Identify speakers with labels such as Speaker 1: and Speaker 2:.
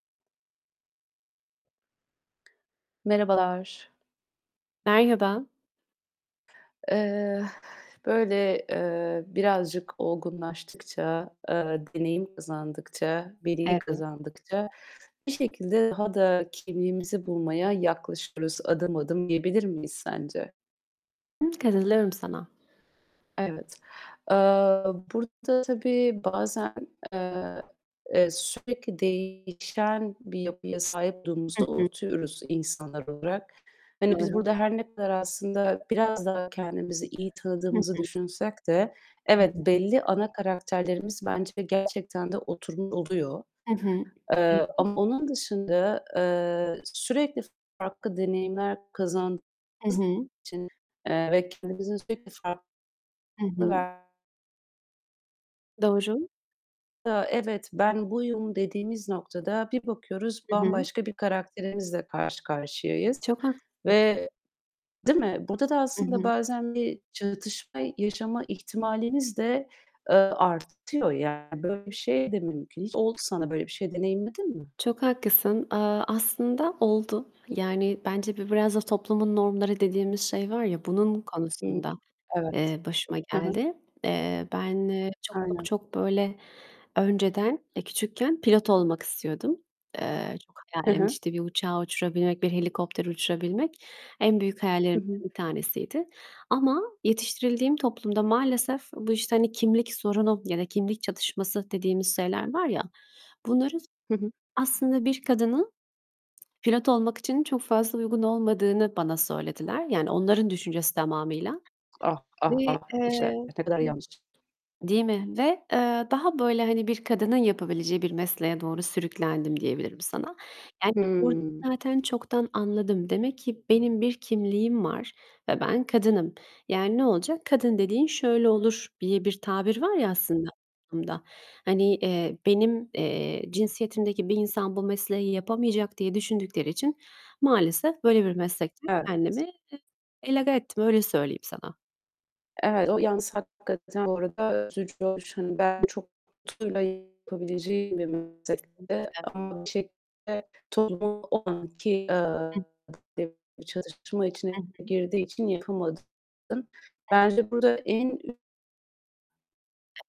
Speaker 1: Merhabalar.
Speaker 2: Merhaba.
Speaker 1: Eee, böyle, eee, birazcık olgunlaştıkça, eee, deneyim kazandıkça, bilgi
Speaker 2: Evet.
Speaker 1: kazandıkça bir şekilde daha da kimliğimizi bulmaya yaklaşıyoruz adım adım, diyebilir miyiz sence?
Speaker 2: I. Katılıyorum sana.
Speaker 1: Evet. Eee, burada tabii bazen, eee, sürekli değişen bir yapıya sahip
Speaker 2: Hı
Speaker 1: olduğumuzu
Speaker 2: hı.
Speaker 1: unutuyoruz insanlar olarak. Hani, biz
Speaker 2: Doğru.
Speaker 1: burada her ne kadar aslında biraz daha kendimizi iyi
Speaker 2: Hı
Speaker 1: tanıdığımızı
Speaker 2: hı.
Speaker 1: düşünsek de
Speaker 2: Evet.
Speaker 1: evet, belli ana karakterlerimiz bence gerçekten de oturmuş oluyor.
Speaker 2: Hı hı. Hı
Speaker 1: Eee,
Speaker 2: hı.
Speaker 1: ama onun dışında, eee, sürekli farklı deneyimler kazandığımız
Speaker 2: Hı
Speaker 1: için,
Speaker 2: hı.
Speaker 1: eee, ve kendimizin sürekli farklı
Speaker 2: Hı hı.
Speaker 1: ver
Speaker 2: Doğru.
Speaker 1: Ya, "Evet, ben buyum." dediğimiz noktada bir bakıyoruz,
Speaker 2: Hı hı.
Speaker 1: bambaşka bir karakterimizle karşı karşıyayız.
Speaker 2: Çok haklısın.
Speaker 1: Ve değil mi? Burada da
Speaker 2: Hı
Speaker 1: aslında
Speaker 2: hı.
Speaker 1: bazen bir çatışma yaşama ihtimalimiz de, eee, artıyor. Yani, böyle bir şey de mümkün. Hiç oldu sana böyle bir şey, deneyimledin mi?
Speaker 2: Çok haklısın. Aaa, aslında oldu. Yani, bence bu biraz da toplumun normları dediğimiz şey var ya, bunun
Speaker 1: Hı,
Speaker 2: konusunda,
Speaker 1: evet.
Speaker 2: eee, başıma
Speaker 1: Hı hı.
Speaker 2: geldi. Eee, ben çok çok
Speaker 1: Aynen.
Speaker 2: çok böyle, önceden, eee, küçükken pilot olmak istiyordum. Eee, çok
Speaker 1: Hı
Speaker 2: hayalimdi,
Speaker 1: hı.
Speaker 2: işte, bir uçağı uçurabilmek, bir helikopteri uçurabilmek, en büyük
Speaker 1: Hı
Speaker 2: hayallerimden
Speaker 1: hı.
Speaker 2: bir tanesiydi. Ama yetiştirildiğim toplumda maalesef bu, işte, hani, kimlik sorunu ya da kimlik çatışması dediğimiz şeyler var ya bunları,
Speaker 1: Hı hı.
Speaker 2: aslında bir kadının pilot olmak için çok fazla uygun olmadığını bana söylediler. Yani onların düşüncesi tamamıyla.
Speaker 1: Ah,
Speaker 2: Ve,
Speaker 1: ah, ah! İşte,
Speaker 2: eee
Speaker 1: ne kadar yanlış.
Speaker 2: değil mi? Ve eee, daha böyle, hani, bir kadının yapabileceği bir mesleğe doğru sürüklendim diyebilirim sana. Yani, orada
Speaker 1: Hıı.
Speaker 2: zaten çoktan anladım. Demek ki benim bir kimliğim var ve ben kadınım. Yani ne olacak? "Kadın dediğin şöyle olur." diye bir tabir var ya aslında toplumda. Hani, eee, benim, eee, cinsiyetimdeki bir insan bu mesleği yapamayacak diye düşündükleri için maalesef böyle bir meslekten kendimi,
Speaker 1: Evet.
Speaker 2: eee, egale ettim, öyle söyleyeyim sana.
Speaker 1: Evet, o yalnız hakikaten bu arada üzücü olmuş. Hani, belki çok tutkuyla yapabileceğin bir meslekte
Speaker 2: [unintelligible]
Speaker 1: ama bir şekilde toplumun o anki,
Speaker 2: Hı.
Speaker 1: eee, [unintelligible] çatışma
Speaker 2: Hı
Speaker 1: içine
Speaker 2: hı.
Speaker 1: girdiği için yapamadın
Speaker 2: Hı.
Speaker 1: Bence burada en ü
Speaker 2: [unintelligible]